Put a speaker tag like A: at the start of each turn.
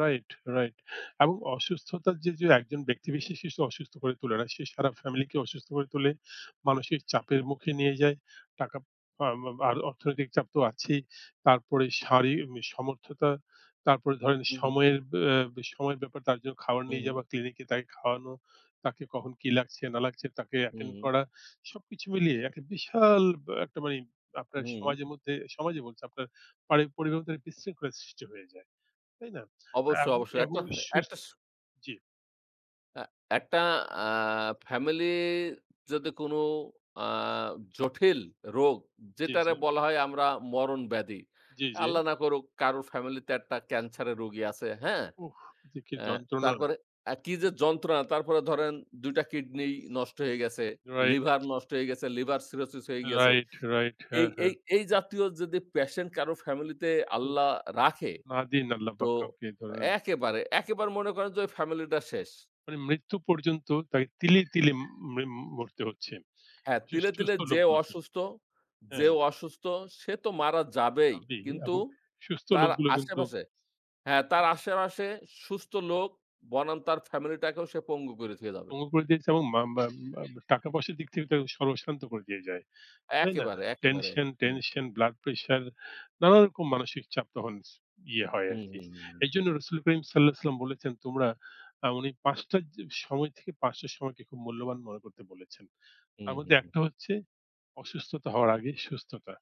A: Right, right, এবং অসুস্থতা যে, যে একজন ব্যক্তি বিশেষকে অসুস্থ করে তোলে না, সে সারা family কে অসুস্থ করে তোলে। মানসিক চাপের মুখে নিয়ে যায়। টাকা প [unintelligible] আর অর্থনৈতিক চাপ তো আছেই। তারপরে শারীরিক সমর্থতা। তারপরে ধরেন
B: উ হুম।
A: সময়ের, বে সময়ের ব্যাপার। তার জন্য খাবার
B: উ
A: নিয়ে
B: হুম।
A: যাওয়া, clinic এ তাকে খাওয়ানো, তাকে কখন কি লাগছে না লাগছে তাকে
B: হু,
A: attend
B: উম
A: করা। সবকিছু মিলিয়ে একটা বিশাল ব অ একটা মানি
B: হু,
A: আপনার সমাজের
B: উম
A: মধ্যে, সমাজে বলছি, আপনার পারি পরিবারের মধ্যে বিশৃঙ্খলা সৃষ্টি হয়ে যায়। তাই না? তা
B: অবশ্য,
A: এবং
B: অবশ্য।
A: এবং
B: একটা ফ
A: সুস্
B: একটা স
A: জি।
B: আ একটা অ্যা family যদি কোনো অ্যা জঠিল রোগ,
A: জি,
B: যেটারে
A: জি।
B: বলা হয় আমরা মরণব্যাধি।
A: জি, জি।
B: আল্লাহ না করুক কারো family তে একটা cancer এর রোগী আছে। হ্যাঁ?
A: উহ! যে কি
B: অ্যা
A: যন্ত্রণা!
B: তারপরে এ কি যে যন্ত্রণা! তারপরে ধরেন ২ টা kidney নষ্ট হয়ে গেছে,
A: Right।
B: liver নষ্ট হয়ে গেছে, liver cirrhosis হয়ে গিয়েছে।
A: Right, right।
B: এই
A: হ্যাঁ,
B: এই
A: হ্যাঁ।
B: এই জাতীয় যদি patient কারো family তে
A: উহ!
B: আল্লাহ রাখে,
A: না দিন
B: তো
A: আল্লাহপাক কাউকে, এই ধরনের
B: একেবারে, একেবারে মনে করেন যে ঐ family ডা শেষ।
A: মানে মৃত্যু পর্যন্ত তাকে তিলে, তিলে মিম মরতে হচ্ছে।
B: হ্যাঁ, তিলে, তিলে
A: সুস্থ
B: যে
A: লোকগুলোকে।
B: অসুস্থ যে
A: হ্যাঁ।
B: অসুস্থ সে তো মারা যাবেই।
A: হবেই
B: কিন্তু
A: এবং সুস্থ
B: তার
A: লোকগুলো কিন্তু
B: আশেপাশে হ্যাঁ, তার আশেপাশে সুস্থ লোক বনাম তার family-টাকেও সে পঙ্গু করে থুয়ে যাবে।
A: দমন করে দিয়েছে এবং মাম ব্যা আম আব টাকা পয়সার দিক থেকে কিন্তু সর্বস্বান্ত করে দিয়ে যায়। তাই না?
B: একেবারে, একেবারে।
A: Tension,
B: হুম।
A: tension, blood pressure নানারকম মানসিক চাপ তখন ইয়ে হয়
B: হু,
A: আরকি।
B: হু, হু, হু, হুম।
A: এইজন্য রাসূলুল করিম সাল্লাল্লাহু আলাইহি ওয়াসাল্লাম বলেছেন, তোমরা অ্যা উনি ৫ঃ০০ জ সময় থেকে, ৫ঃ০০ র সময়কে খুব মূল্যবান মনে করতে বলেছেন।
B: হু,
A: তার
B: হু,
A: মধ্যে
B: হুম।
A: একটা হচ্ছে অসুস্থতা হওয়ার আগে সুস্থতা।